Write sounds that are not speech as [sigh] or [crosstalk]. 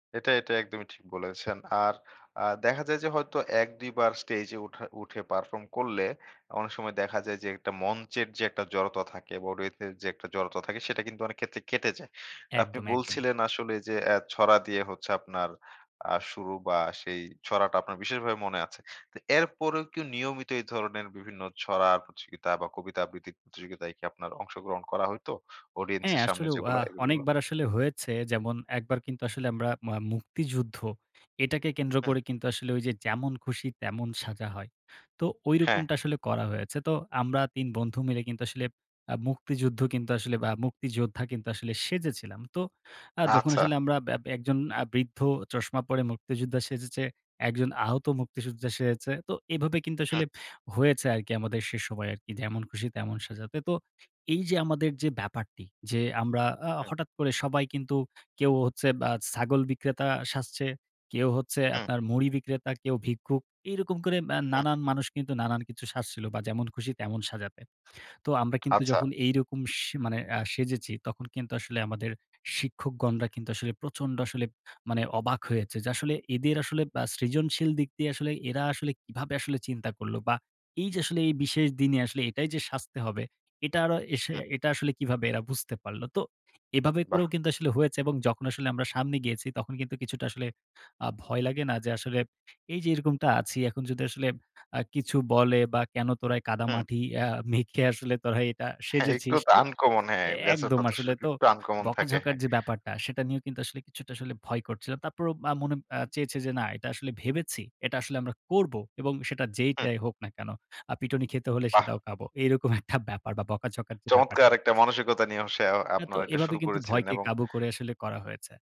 এটা, এটা একদমই ঠিক বলেছেন। আর আ দেখা যায় যে হয়তো, ১, ২ বার স্টেজে উঠার উঠে পারফর্ম করলে, অনেক সময় দেখা যায় যে, একটা মঞ্চের যে একটা জড়তা থাকে। বা রেথের যে একটা জড়তা থাকে, সেটা কিন্তু অনেক ক্ষেত্রে কেটে যায়। আপনি একদম, একদমই। বলছিলেন আসলে যে, অ্যা ছড়া দিয়ে হচ্ছে আপনার আ শুরু, বা সেই ছড়াটা আপনার বিশেষভাবে মনে আছে। তো এরপরেও কি নিয়মিত এই ধরনের বিভিন্ন ছড়া প্রতিযোগিতা, বা কবিতা আবৃত্তির প্রতিযোগিতায় কি আপনার অংশগ্রহণ করা হইতো? অডিয়েন্স হ্যাঁ। এর সামনে আসলেও আ যেগুলা, এগুলো? অনেকবার আসলে হয়েছে। যেমন, একবার কিন্তু আসলে আমরা মা মুক্তিযুদ্ধ এটাকে কেন্দ্র হু। করে কিন্তু আসলে, ঐ যে যেমন খুশি তেমন সাজা হয়। তো হ্যাঁ। ঐরকমটা আসলে করা হয়েছে। তো আমরা ৩ বন্ধু মিলে কিন্তু আসলে আ মুক্তিযুদ্ধ কিন্তু আসলে আ মুক্তিযোদ্ধা কিন্তু আসলে সেজেছিলাম। তো আ যখন আচ্ছা। আসলে আমরা ব্য একজন আ বৃদ্ধ চশমা পরে মুক্তিযোদ্ধা সেজেছে, একজন আহত মুক্তিযোদ্ধা সেজেছে। তো এভাবে কিন্তু হু। আসলে হয়েছে আরকি আমাদের সে সময় আরকি যেমন খুশি তেমন সাজাতে। তো এই যে আমাদের যে ব্যাপারটি, যে আমরা আ হু। হঠাৎ করে সবাই কিন্তু কেউ হচ্ছে বা ছাগল বিক্রেতা সাজছে, কেউ হচ্ছে হু। আপনার মুড়ি বিক্রেতা, কেউ ভিক্ষুক। এইরকম করে ম্যা হু। নানান মানুষ কিন্তু নানান কিছু সাজছিল, বা যেমন খুশি তেমন সাজাতে। তো আমরা কিন্তু আচ্ছা। যখন এইরকম স মানে আ সেজেছি, তখন কিন্তু আসলে আমাদের শিক্ষকগণরা কিন্তু আসলে প্রচন্ড আসলে মানে অবাক হয়েছে। যে আসলে এদের আসলে বা সৃজনশীল দিক দিয়ে, আসলে এরা আসলে কিভাবে আসলে চিন্তা করলো। বা এই যে আসলে এই বিশেষ দিনে আসলে এটাই যে সাজতে হবে। এটা অরা এস হু। এটা আসলে কিভাবে এরা বুঝতে পারলো। তো এভাবে বাহ! করেও কিন্তু আসলে হয়েছে, এবং যখন আসলে আমরা সামনে গিয়েছি, তখন কিন্তু কিছুটা আসলে আ ভয় লাগে না যে, আসলে এই যে এরকমটা আছি, এখন যদি আসলে আ কিছু বলে, বা, কেন তোরা এ হু। কাদামাটি আ মেখে আসলে তোরা এটা হ্যাঁ, একটু সেজেছিস? তো তো আনকমন হ্যাঁ। বেচত একদম আসলে [unintelligible] তো একটু আনকমন থাকে, বকাঝকার হ্যাঁ। যে ব্যাপারটা, সেটা নিয়েও কিন্তু আসলে কিছুটা আসলে ভয় করছিল। তারপরও আ মনে আ চেয়েছে যে না এটা আসলে ভেবেছি। এটা আসলে আমরা করব। এবং সেটা হু। যেইটাই হোক না কেন। আ পিটুনি খেতে হলে বাহ! সেটাও খাবো। এরকম একটা [scoffs] ব্যাপার বা বকাঝকা যে চমৎকার ব্যাপারটি একটা মানসিকতা নিয়ে হচ্ছে আ অ্যা তো আপনারা এটা এভাবে শুরু কিন্তু করেছিলেন ভয়কে এবং কাবু করে আসলে করা হয়েছে।